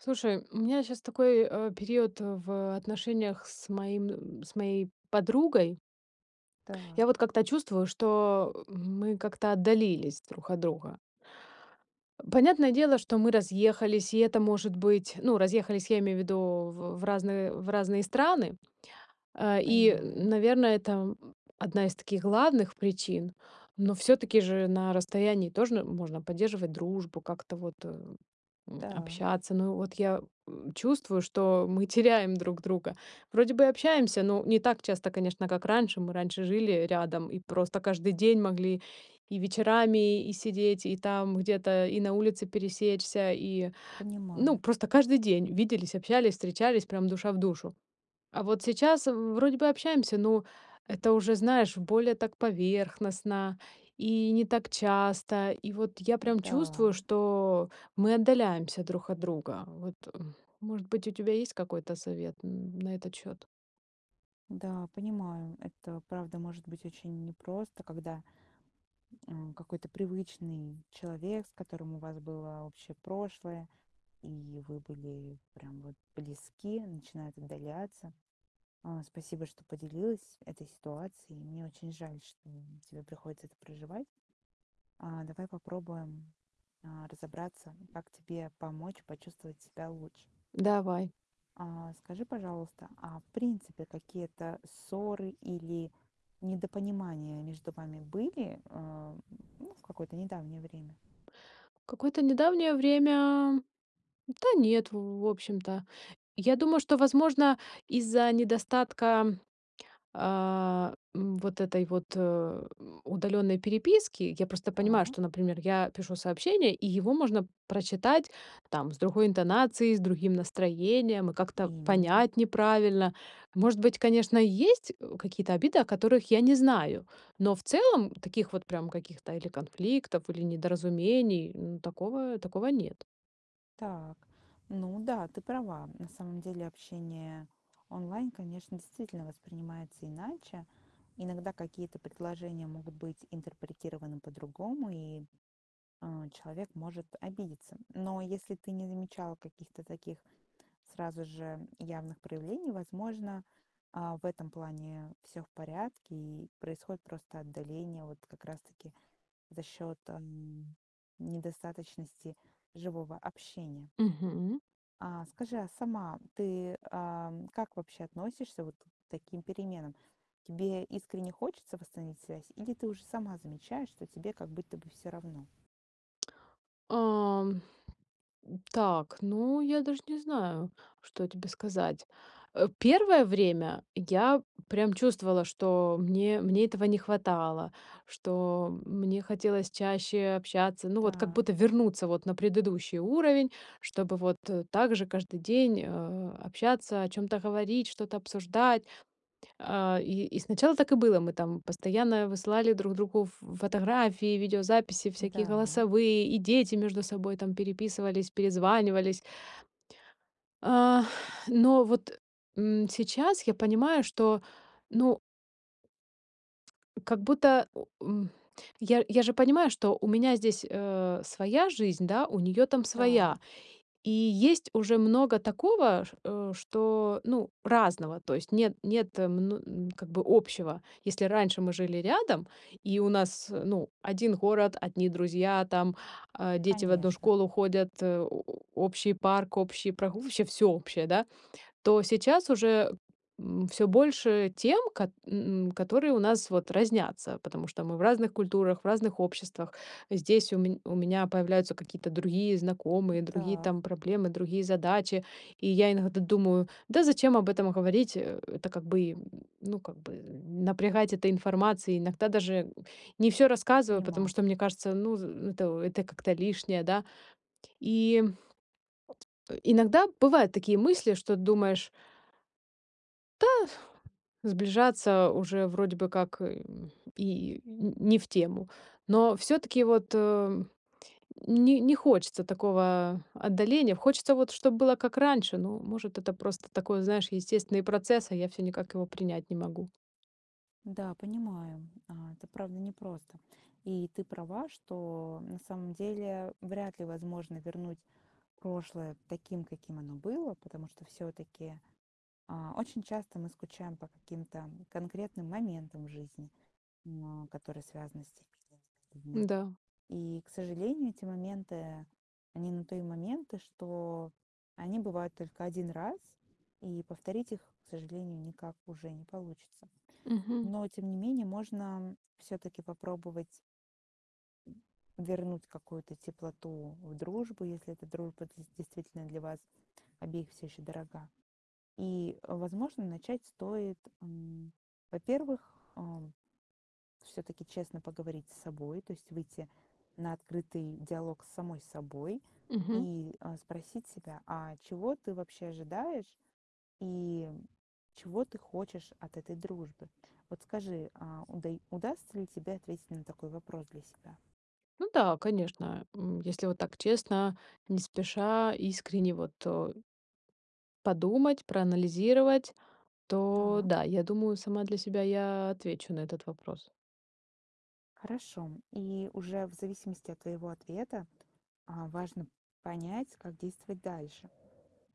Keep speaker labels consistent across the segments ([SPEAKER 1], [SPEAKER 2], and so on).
[SPEAKER 1] Слушай, у меня сейчас такой, э, период в отношениях с моим м, с моей подругой. Я вот
[SPEAKER 2] Так.
[SPEAKER 1] как-то чувствую, что, э, мы как-то отдалились друг от друга. Э, понятное дело, что мы разъехались, и это может быть. Ну, разъехались, я имею в виду, в в в разные в разные страны, э, и, э,
[SPEAKER 2] Понимаю.
[SPEAKER 1] наверное, там, м, 1 из таких главных причин, но всё-таки же на расстоянии тоже можно поддерживать дружбу, как-то вот, э, м,
[SPEAKER 2] Та.
[SPEAKER 1] общаться. Ну вот я, э, чувствую, что мы теряем друг друга. Вроде бы общаемся, но не так часто, конечно, как раньше. Мы раньше жили, э, рядом и просто каждый день могли и вечерами, и сидеть, и там где-то и на улице пересечься, и ну
[SPEAKER 2] Понимаю.
[SPEAKER 1] просто каждый день виделись, общались, встречались, прям душа в душу. А вот сейчас в вроде бы общаемся, но это уже, знаешь, более так поверхностно и не так часто. И вот я прям
[SPEAKER 2] Н-да.
[SPEAKER 1] чувствую, что мы отдаляемся друг от друга. Вот может быть у тебя есть какой-то совет н н на этот счёт?
[SPEAKER 2] Да, понимаю. Это правда может быть очень непросто, когда, м, а, какой-то привычный человек, с которым у вас было общее прошлое, и вы были прям вот близки, начинает отдаляться. А, спасибо, что поделилась этой ситуацией. Мне очень жаль, что тебе приходится это проживать. А, давай попробуем, а, разобраться, как тебе помочь почувствовать себя лучше.
[SPEAKER 1] Давай.
[SPEAKER 2] А, скажи, пожалуйста, а в принципе какие-то ссоры или недопонимания между вами были, э, ну, в какое-то недавнее время?
[SPEAKER 1] Какое-то недавнее время Да нет, в в общем-то. Я думаю, что, возможно, из-за недостатка, а, м, вот этой вот, э, удалённой переписки. Я просто понимаю,
[SPEAKER 2] Так.
[SPEAKER 1] что, например, я пишу сообщение, и его можно прочитать, там, с другой интонацией, с другим настроением и как-то
[SPEAKER 2] Именно.
[SPEAKER 1] понять неправильно. Может быть, конечно, есть, э, какие-то обиды, о которых я не знаю, но в целом таких вот прям каких-то или конфликтов, или недоразумений, ну, такого, такого нет.
[SPEAKER 2] Так. Ну да, ты права. На самом деле общение онлайн, конечно, действительно воспринимается иначе. Иногда какие-то предложения могут быть интерпретированы по-другому, и, э, человек может обидеться. Но если ты не замечала каких-то таких сразу же явных проявлений, возможно, а, в этом плане всё в порядке, и происходит просто отдаление вот как раз таки за счёт, м, недостаточности живого общения.
[SPEAKER 1] Мгм.
[SPEAKER 2] А скажи, а сама ты, ам, как вообще относишься вот к таким переменам? Тебе искренне хочется восстановить связь или ты уже сама замечаешь, что тебе как будто бы всё равно?
[SPEAKER 1] Ам. М. Так, ну я даже не знаю, что тебе сказать. Э, 1 время я прям чувствовала, что мне, мне этого не хватало, что мне хотелось чаще общаться, ну вот как
[SPEAKER 2] Так.
[SPEAKER 1] будто вернуться вот на предыдущий уровень, чтобы вот, э, так же каждый день, э, общаться, о чём-то говорить, что-то обсуждать. А, и и сначала так и было. Мы там постоянно высылали друг другу ф фотографии, видеозаписи, всякие
[SPEAKER 2] Да.
[SPEAKER 1] голосовые, и дети между собой, там, переписывались, перезванивались. А, но, вот, м, сейчас я понимаю, что, ну как будто, э, у м, я я же понимаю, что у меня здесь, э, своя жизнь, да, у неё там своя.
[SPEAKER 2] Так.
[SPEAKER 1] И есть уже много такого, ш э, что ну, разного, то есть нет нет мн м, как бы общего. Если раньше мы жили рядом и у нас, э, ну, один город, одни друзья там, э, дети в одну
[SPEAKER 2] Конечно.
[SPEAKER 1] школу ходят, э, о о общий парк, общий прогу вообще всё общее, да? То сейчас уже, м, всё больше тем, кат м, которые у нас вот разнятся, потому что мы в разных культурах, в разных обществах. Здесь у ме у меня появляются какие-то другие
[SPEAKER 2] М,
[SPEAKER 1] знакомые, другие
[SPEAKER 2] так.
[SPEAKER 1] там проблемы, другие задачи. И я иногда думаю: "Да зачем об этом говорить?" Э, это как бы, м, ну, как бы, напрягать этой информацией. Иногда даже не всё рассказываю, потому
[SPEAKER 2] Понимаю.
[SPEAKER 1] что мне кажется, ну з это это как-то лишнее, да, и Э, иногда бывают такие мысли, что думаешь: да, сближаться уже вроде бы как, э, и не не в тему, но всё-таки вот, э, не не хочется такого отдаления. Хочется вот, чтоб было как раньше. Ну, может, это просто такой, знаешь, естественный процесс, а я всё никак его принять не могу.
[SPEAKER 2] Да, понимаю, а, это правда непросто. И ты права, что на самом деле вряд ли возможно вернуть прошлое таким, каким оно было, потому что всё-таки, а, очень часто мы скучаем по каким-то конкретным моментам жизни, м, а, которые связаны с теми этими людьми.
[SPEAKER 1] Н-да.
[SPEAKER 2] И, к сожалению, эти моменты- они на то и моменты, что они бывают только 1 раз, и повторить их, к сожалению, никак уже не получится.
[SPEAKER 1] Мгм.
[SPEAKER 2] Но, тем не менее, можно всё-таки попробовать Вернуть какую-то теплоту в дружбу, если эта дружба де действительно для вас обеих всё еще дорога. И, возможно, начать стоит м, во-первых, э, всё-таки честно поговорить с собой, то есть выйти на открытый диалог с самой собой.
[SPEAKER 1] Мгм.
[SPEAKER 2] И, э, спросить себя: а чего ты вообще ожидаешь, и чего ты хочешь от этой дружбы? Вот скажи, а удай удастся ли тебе ответить на такой вопрос для себя?
[SPEAKER 1] Ну да, конечно. Эм, если вот так честно, не спеша, искренне вот о подумать, проанализировать. То
[SPEAKER 2] Так.
[SPEAKER 1] да, я думаю, сама для себя я отвечу на этот вопрос.
[SPEAKER 2] Хорошо. И уже в зависимости от твоего ответа, э, важно понять, как действовать дальше.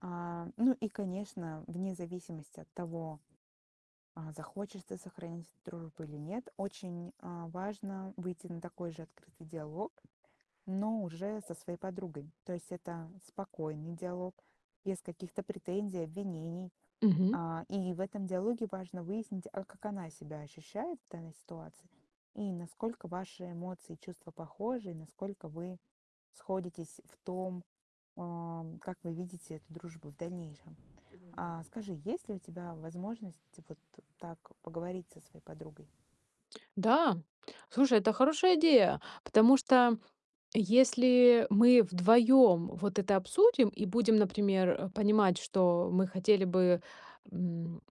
[SPEAKER 2] Э, ну и конечно, вне зависимости от того, э, захочется сохранить дружбу или нет, очень, э, важно выйти на такой же открытый диалог, но уже со своей подругой. То есть это спокойный диалог без каких-то претензий, обвинений.
[SPEAKER 1] Мгм.
[SPEAKER 2] Э, и в этом диалоге важно выяснить, а как она себя ощущает в данной ситуации. И насколько ваши эмоции и чувства похожи, и насколько вы сходитесь в том, э, как вы видите эту дружбу в дальнейшем? Э,
[SPEAKER 1] [unintelligible]
[SPEAKER 2] скажи, есть ли у тебя возможность вот так поговорить со своей подругой?
[SPEAKER 1] Да, слушай, это хорошая идея! Потому что если мы вдвоём вот это обсудим и будем, например, э, понимать, что мы хотели бы, м,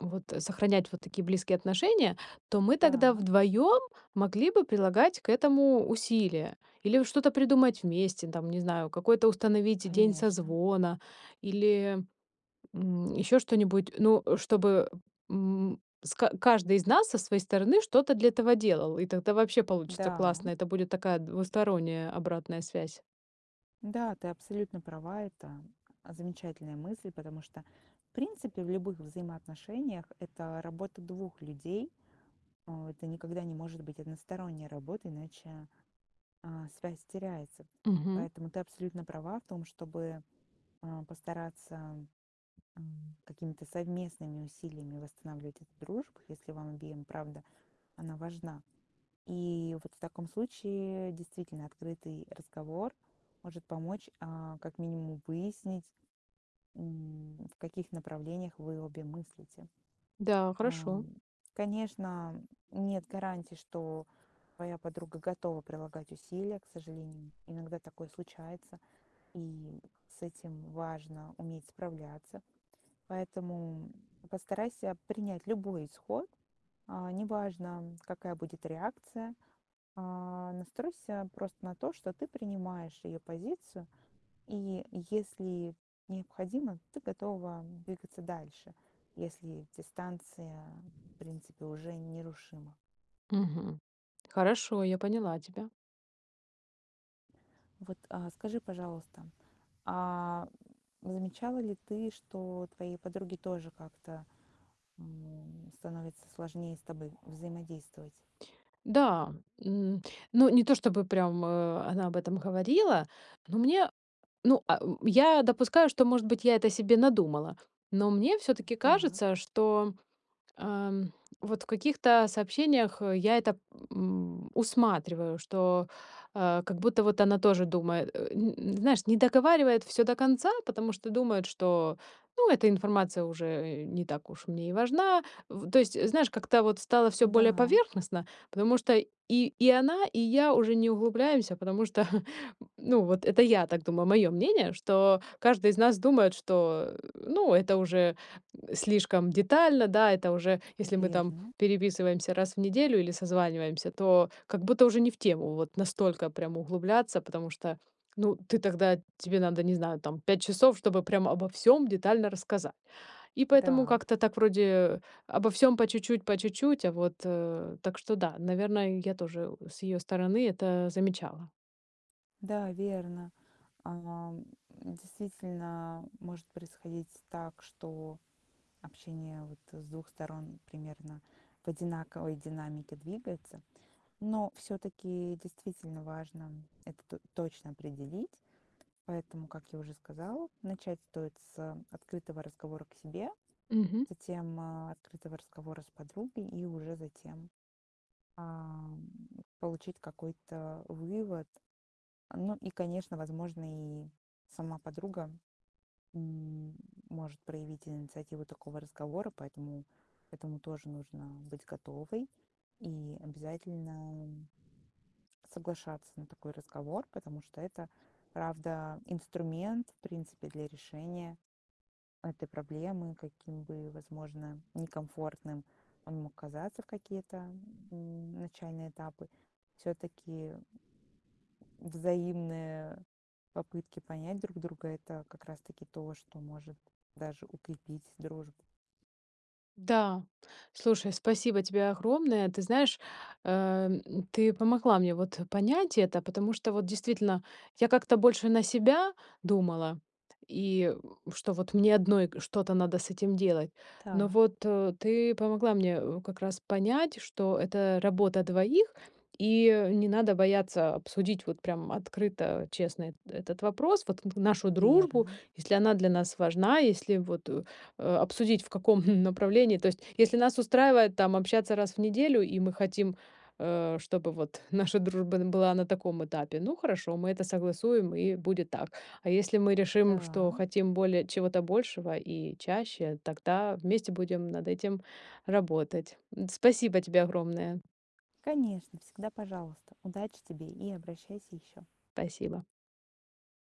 [SPEAKER 1] вот сохранять вот такие близкие отношения. То мы тогда
[SPEAKER 2] Та.
[SPEAKER 1] вдвоём могли бы прилагать к этому усилия или вот что-то придумать вместе там, не знаю, какой-то установить день
[SPEAKER 2] Конечно.
[SPEAKER 1] созвона или, м, ещё что-нибудь. Ну, чтобы, м, с ка каждый из нас со своей стороны что-то для этого делал. И тогда вообще получится
[SPEAKER 2] Да.
[SPEAKER 1] классно. Это будет такая двусторонняя обратная связь.
[SPEAKER 2] Да, ты абсолютно права. Это замечательная мысль, потому что в принципе в любых взаимоотношениях- это работа 2 людей. Э, это никогда не может быть односторонняя работа, иначе, э, связь теряется.
[SPEAKER 1] Мгм.
[SPEAKER 2] Поэтому ты абсолютно права в том, чтобы, э, постараться, м, какими-то совместными усилиями восстанавливать эту дружбу, если вам обеим, правда, она важна. И вот в таком случае действительно открытый разговор может помочь, э, как минимум выяснить, м, в каких направлениях вы обе мыслите.
[SPEAKER 1] Да,
[SPEAKER 2] Э,
[SPEAKER 1] хорошо.
[SPEAKER 2] конечно, нет гарантии, что твоя подруга готова прилагать усилия. К сожалению, иногда такое случается. И с этим важно уметь справляться. Поэтому постарайся принять любой исход. Э, неважно, какая будет реакция. Э, настройся просто на то, что ты принимаешь её позицию. И если необходимо, ты готова двигаться дальше, если дистанция, в принципе, уже нерушима.
[SPEAKER 1] Мгм. Хорошо, я поняла тебя.
[SPEAKER 2] Вот, э, скажи, пожалуйста, а замечала ли ты, что твоей подруге тоже как-то, м, становится сложнее с тобой взаимодействовать?
[SPEAKER 1] Да, м, ну, не то чтобы прям, о, она об этом говорила. Ну мне ну, а о я допускаю, что, может быть, я это себе надумала. Но, мне всё-таки
[SPEAKER 2] Так.
[SPEAKER 1] кажется, что, эм, вот в каких-то сообщениях я это, м, усматриваю. Что, э, как будто вот она тоже думает, э, н н знаешь, не договаривает всё до конца, потому что думает, что: ну, эта информация уже, э, не так уж мне и важна. В то есть, знаешь, как-то вот стало всё более
[SPEAKER 2] Да.
[SPEAKER 1] поверхностно. Потому что и и она, и я уже не углубляемся. Потому что ну, вот это я так думаю. Моё мнение, что каждый из нас думает что, э, ну это уже слишком детально, да. Это уже если мы там
[SPEAKER 2] Верно.
[SPEAKER 1] переписываемся раз в неделю или созваниваемся, то как будто уже не в тему. Вот настолько прям углубляться, потому что, ну, ты тогда тебе надо, не знаю, там 5 часов, чтобы прям обо всём детально рассказать. И поэтому
[SPEAKER 2] Так.
[SPEAKER 1] как-то так вроде обо всём по чуть-чуть, по чуть-чуть. А вот, э, так что, да, наверное, я тоже с её стороны это замечала.
[SPEAKER 2] Да, верно. Э, м, действительно может происходить так, что общение вот, с 2 сторон примерно в одинаковой динамике двигается. Но всё-таки, действительно важно это т точно определить. Поэтому, как я уже сказала, начать стоит с открытого разговора к себе,
[SPEAKER 1] Мгм.
[SPEAKER 2] затем, э, открытого разговора с подругой и уже затем, ам, получить какой-то вывод. Ну и, конечно, возможно, и сама подруга, м, может проявить инициативу такого разговора. Поэтому к этому тоже нужно быть готовой и обязательно соглашаться на такой разговор. Потому что это правда инструмент в принципе для решения этой проблемы, каким бы возможно некомфортным он мог казаться в какие-то, м, начальные этапы. Всё-таки, взаимные попытки понять друг друга- это как раз-таки то, что может даже укрепить дружбу.
[SPEAKER 1] Да, слушай, спасибо тебе огромное. Ты знаешь, эм, ты помогла мне вот понять это. Потому что, вот действительно, я как-то больше на себя думала. И что вот мне одной что-то надо с этим делать. Но
[SPEAKER 2] Та.
[SPEAKER 1] вот ты помогла мне, э, как раз понять, что это работа двоих. И не надо бояться обсудить вот прям открыто, честно это этот вопрос. Вот н нашу дружбу,
[SPEAKER 2] Верно.
[SPEAKER 1] если она для нас важна, если вот, э, э, обсудить, в каком направлении То есть, если нас устраивает там общаться раз в неделю, и мы хотим, э, чтобы вот наша дружба н была на таком этапе. Ну, хорошо, мы это согласуем и будет так. А если мы решим, что
[SPEAKER 2] Да.
[SPEAKER 1] хотим более чего-то большего и чаще, тогда вместе будем над этим работать. М, спасибо тебе огромное.
[SPEAKER 2] Конечно, всегда пожалуйста! Удачи тебе и обращайся еще.
[SPEAKER 1] Спасибо.